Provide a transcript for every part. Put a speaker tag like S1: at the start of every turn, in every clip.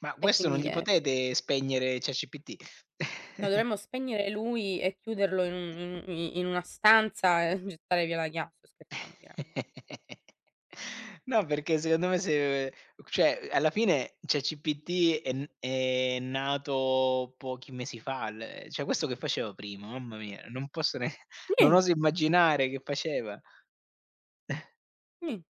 S1: Ma
S2: E
S1: questo, non
S2: quindi
S1: gli
S2: è f
S1: potete spegnere ChatGPT?
S2: No dovremmo spegnere lui e chiuderlo in un i in una stanza, gettare via la chia sto scherzando chiaramen
S1: No, perché secondo me se ehm, ch cioè, alla fine ChatGPT è n è nato pochi mesi fa il cioè, questo che faceva prima, mamma mia! Non posso ne non
S2: Nient
S1: oso immaginare che faceva.
S2: [unintelligible]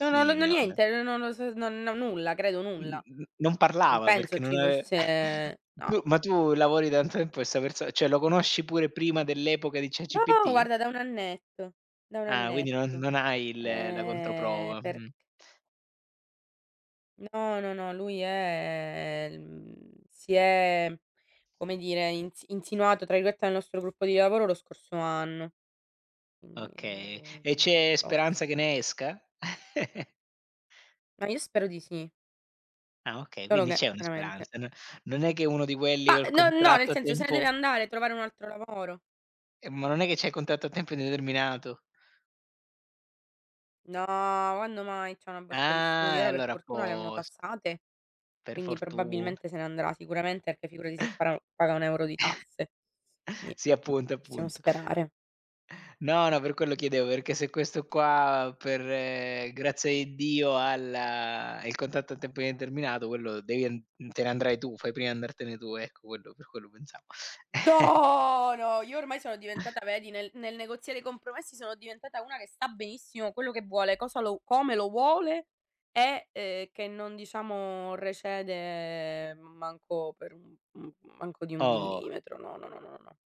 S2: no, no,
S1: v
S2: non ho
S1: non
S2: niente. No, no, no, s non ho nulla, credo
S1: Mh,
S2: nulla.
S1: mh, non
S2: Non
S1: parlava
S2: penso
S1: perché non
S2: ci
S1: ave
S2: fosse no.
S1: tu ma tu lavori da tanto tempo questa perso cioè, lo conosci pure prima dell'epoca di
S2: Oh,
S1: ChatGPT?
S2: guarda da 1 annetto, da 1
S1: Ah! Quindi non
S2: annetto.
S1: non hai il la
S2: Ehm,
S1: controprova,
S2: perch
S1: mh.
S2: No, no, no, lui è, mhmm si è come dire insi "insinuato" tra virgolette dal nostro gruppo di lavoro lo scorso anno, quindi
S1: Oka
S2: non avevo
S1: e
S2: idea di
S1: c'è
S2: chi
S1: speranza
S2: fosse.
S1: che ne esca?
S2: Ma io spero di sì.
S1: Ah! Okay,
S2: Solo
S1: quindi
S2: che,
S1: c'è una
S2: chiaramente
S1: speranza. N non è che è uno di quelli
S2: Ma,
S1: col
S2: no no,
S1: contratto
S2: nel
S1: a
S2: senso se deve
S1: tempo
S2: andare a trovare un altro lavoro.
S1: Eh, ma non è che c'ha il contatto a tempo indeterminato?
S2: No, quando mai, c'ha una borsa di studio.
S1: Ah! E
S2: Ora per
S1: allora a
S2: fortuna le hanno
S1: post
S2: tassate,
S1: Per
S2: quindi
S1: fortun
S2: probabilmente se ne andrà, sicuramente, e poi figurati se pa paga 1 euro di tasse. Ni
S1: Sì, appunto,
S2: possiamo
S1: appunto.
S2: sperare.
S1: No, no, per quello chiedevo, perché se questo qua per, ehm, grazia di Dio ha l il contatto a tempo indeterminato, quello devi en te ne andrai tu, fai prima a andartene tu, ecco, quello per quello pensavo.
S2: Do no io ormai sono diventata vedi, nel nel negoziare i compromessi sono diventata una che sa benissimo quello che vuole, cosa lo come lo vuole e, ehm, che non diciamo recede m manco per un uhm, manco di 1
S1: Oh!
S2: millimetro no, no, no, no, no, no.